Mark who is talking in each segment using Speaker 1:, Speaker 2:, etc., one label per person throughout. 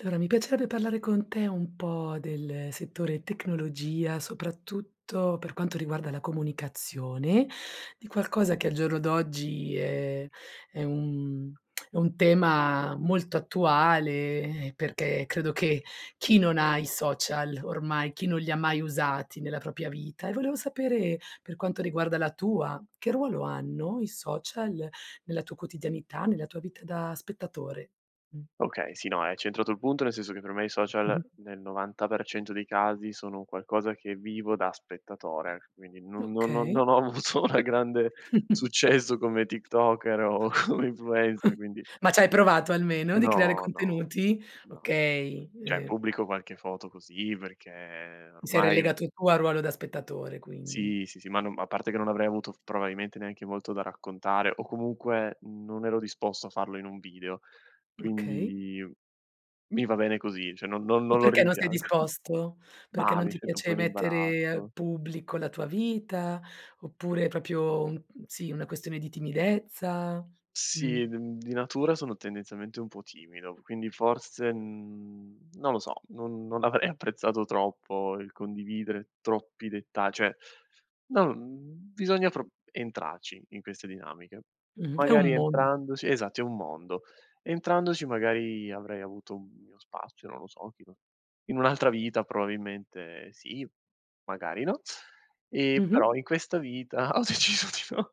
Speaker 1: Allora, mi piacerebbe parlare con te un po' del settore tecnologia, soprattutto per quanto riguarda la comunicazione, di qualcosa che al giorno d'oggi è è un è un tema molto attuale, eh, perché credo che chi non ha i social ormai, chi non li mai usati nella propria vita? E volevo sapere, per quanto riguarda la tua, che ruolo hanno i social nella tua quotidianità, nella tua vita da spettatore, mh.
Speaker 2: Okay, sì no, hai centrato il punto, nel senso che per me i social
Speaker 1: Mh-mh.
Speaker 2: nel 90% dei casi sono un qualcosa che vivo da spettatore, quindi non non non
Speaker 1: Okay.
Speaker 2: non ho avuto una grande successo come tiktoker o come influencer, quindi
Speaker 1: Ma c'hai provato almeno di creare
Speaker 2: no, no,
Speaker 1: contenuti?
Speaker 2: no.
Speaker 1: Okay,
Speaker 2: Cioè,
Speaker 1: e
Speaker 2: pubblico qualche foto così perché
Speaker 1: Ti sei
Speaker 2: ormai
Speaker 1: relegato tu al ruolo da spettatore quindi?
Speaker 2: Sì, sì, sì, ma non a parte che non avrei avuto probabilmente neanche molto da raccontare o comunque non ero disposto a farlo in un video.
Speaker 1: Okay.
Speaker 2: Quindi mi va bene così, cioè non non
Speaker 1: E
Speaker 2: non lo
Speaker 1: perché non sei
Speaker 2: rimpiango.
Speaker 1: disposto? Perché
Speaker 2: Mah,
Speaker 1: non
Speaker 2: mi
Speaker 1: ti
Speaker 2: sento un po'
Speaker 1: piace
Speaker 2: in
Speaker 1: mettere al
Speaker 2: imbarazzo.
Speaker 1: pubblico la tua vita? Oppure è proprio un sì, una questione di timidezza? Mh.
Speaker 2: Sì, d uhm, di natura sono tendenzialmente un po' timido, quindi forse, mhmm, non lo so, non non avrei apprezzato troppo il condividere troppi detta cioè, no, mhmm, bisogna pro entrarci in queste dinamiche.
Speaker 1: Mh-mh. È
Speaker 2: Magari
Speaker 1: un mondo.
Speaker 2: entrandoci esatto, è un mondo. Entrandoci magari avrei avuto un mio spazio, non lo so, chi lo in un'altra vita probabilmente sì, magari no. E
Speaker 1: Mh-mh.
Speaker 2: però in questa vita ho deciso di no.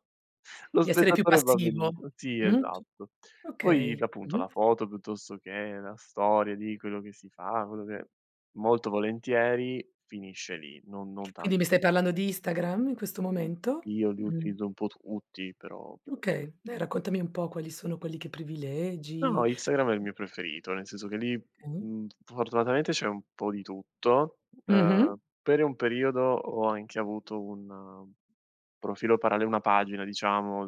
Speaker 2: Lo
Speaker 1: Di essere più
Speaker 2: spettatore va
Speaker 1: passivo.
Speaker 2: benissimo. Sì,
Speaker 1: Mh,
Speaker 2: esatto. Poi d
Speaker 1: okay.
Speaker 2: appunto
Speaker 1: Mh-mh.
Speaker 2: la foto piuttosto che la storia di quello che si fa, quello che molto volentieri finisce lì, non non tan
Speaker 1: Quindi mi stai
Speaker 2: [unintelligible]
Speaker 1: parlando di Instagram in questo momento?
Speaker 2: Io li
Speaker 1: Mh-mh.
Speaker 2: utilizzo un po' tutti però però
Speaker 1: Okay, dai, raccontami un po' quali sono quelli che
Speaker 2: No,
Speaker 1: privilegi.
Speaker 2: Instagram è il mio preferito, nel senso che lì,
Speaker 1: Mh-mh.
Speaker 2: mhmm, fortunatamente c'è un po' di tutto.
Speaker 1: Mh-mh.
Speaker 2: Uhm, per un periodo ho anche avuto un profilo paralle una pagina diciamo,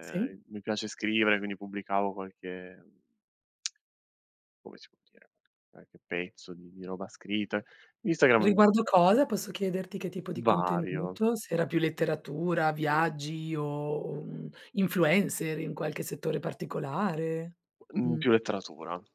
Speaker 1: Sì.
Speaker 2: mi piace scrivere quindi pubblicavo qualche, mhmm, come si può dire? Qualche pezzo di di roba scritta. Instagram è m
Speaker 1: Riguardo cosa, posso chiederti che tipo di
Speaker 2: Vario.
Speaker 1: contenuto? Se era più letteratura, viaggi o, mhmm, influencer in qualche settore particolare?
Speaker 2: Mhmm,
Speaker 1: Mh.
Speaker 2: più letteratura.